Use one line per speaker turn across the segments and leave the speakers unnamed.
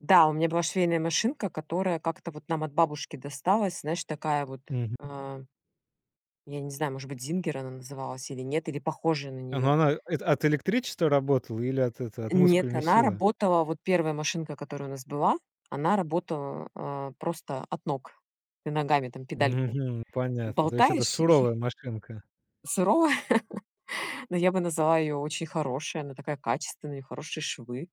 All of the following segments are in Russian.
Да, у меня была швейная машинка, которая как-то вот нам от бабушки досталась, знаешь, такая вот,
Мгм.
э, я не знаю, может быть, "Зингер" она называлась или нет, или похожая на
Ну,
неё.
она, э, это, от электричества работала или от это от
Н нет,
мускульной
она
силы?
работала, вот 1 машинка, которая у нас была, она работала, э, просто от ног. Ты ногами там педальку
Мгм. Понятно. То есть это
болтаешь и
суровая машинка.
Суровая! Но я бы назвала её очень хорошей, она такая качественная, у неё хорошие швы.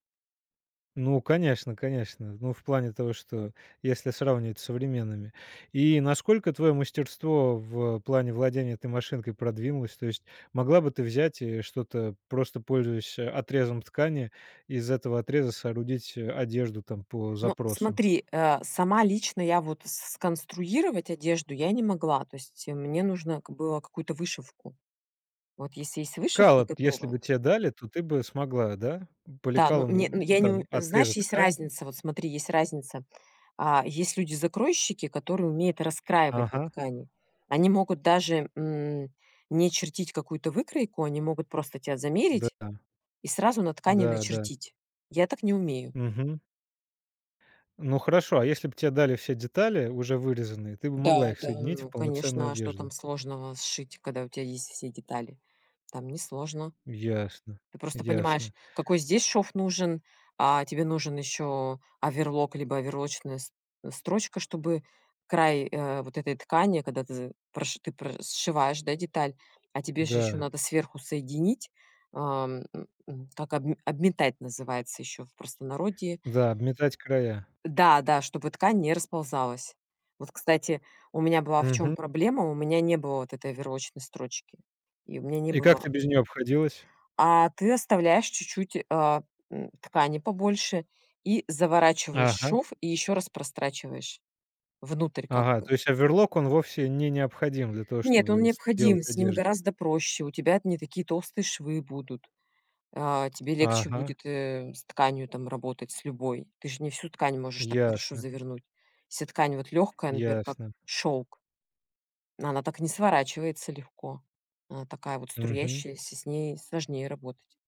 Ну, конечно, конечно. Ну, в плане того, что если сравнивать с современными. И насколько твоё мастерство в, э, плане владения этой машинкой продвинулось? То есть могла бы ты взять и что-то, просто пользуясь, э, отрезом ткани, из этого отреза соорудить, э, одежду там по
Но
запросу?
смотри, э, сама лично я вот с сконструировать одежду я не могла. То есть, э, мне нужно, ка было, какую-то вышивку. Вот если есть вышивка
Кало если
готовая.
бы те дали, то ты бы смогла, да? М, по
Да, ну, не ну,
лекалам, м,
я не у
там
знаешь,
отрезать
есть
ткань.
разница, вот смотри, есть разница. Э, есть люди-закройщики, которые умеют раскраивать на
Ага.
ткани. Они могут даже, м, не чертить какую-то выкройку, они могут просто тя замерить
Да-да.
и сразу на ткани
Да, да.
начертить. Я так не умею.
Мгм. Ну, хорошо, а если б те дали все детали, уже вырезанные, ты бы могла
Да
их
да.
соединить в
Ну,
полноценную
конечно, а что там
одежду?
сложного сшить, когда у тя есть все детали? Там несложно.
Ясно,
Ты просто понимаешь,
ясно.
какой здесь шов нужен, а, тебе нужен ещё оверлок, либо оверлочная с строчка, чтобы край, э, вот этой ткани, когда ты з проши ты про сшиваешь, да, деталь. А тебе же ещё
Да.
надо сверху соединить. Ом, э, э, так, обме обметать называется ещё в простонародье.
Да, обметать края.
А. Да да, чтобы ткань не расползалась. Вот, кстати, у меня была в чём
Мгм.
проблема: у меня не было вот этой оверлочной строчки, и у меня не
И как
было
ты без неё обходилась?
А, ты оставляешь чуть-чуть, э, м, ткани побольше, и заворачиваешь
Ага!
шов, и ещё раз прострачиваешь внутрь, как
Ага,
бы.
то есть оверлок, он вовсе не необходим для того,
Нет, он
чтобы
необходим,
сделать
с ним
одежду?
гораздо проще, у тебя т не такие толстые швы будут. Э, тебе легче
Ага!
будет, э, с тканью там работать, с любой. Ты же не всю ткань можешь так хорошо
Ясно.
завернуть. Вся ткань вот лёгкая, например, как
Ясно.
шёлк она так не сворачивается легко. Она такая вот
Мгм.
струящаяся, с ней сложнее работать.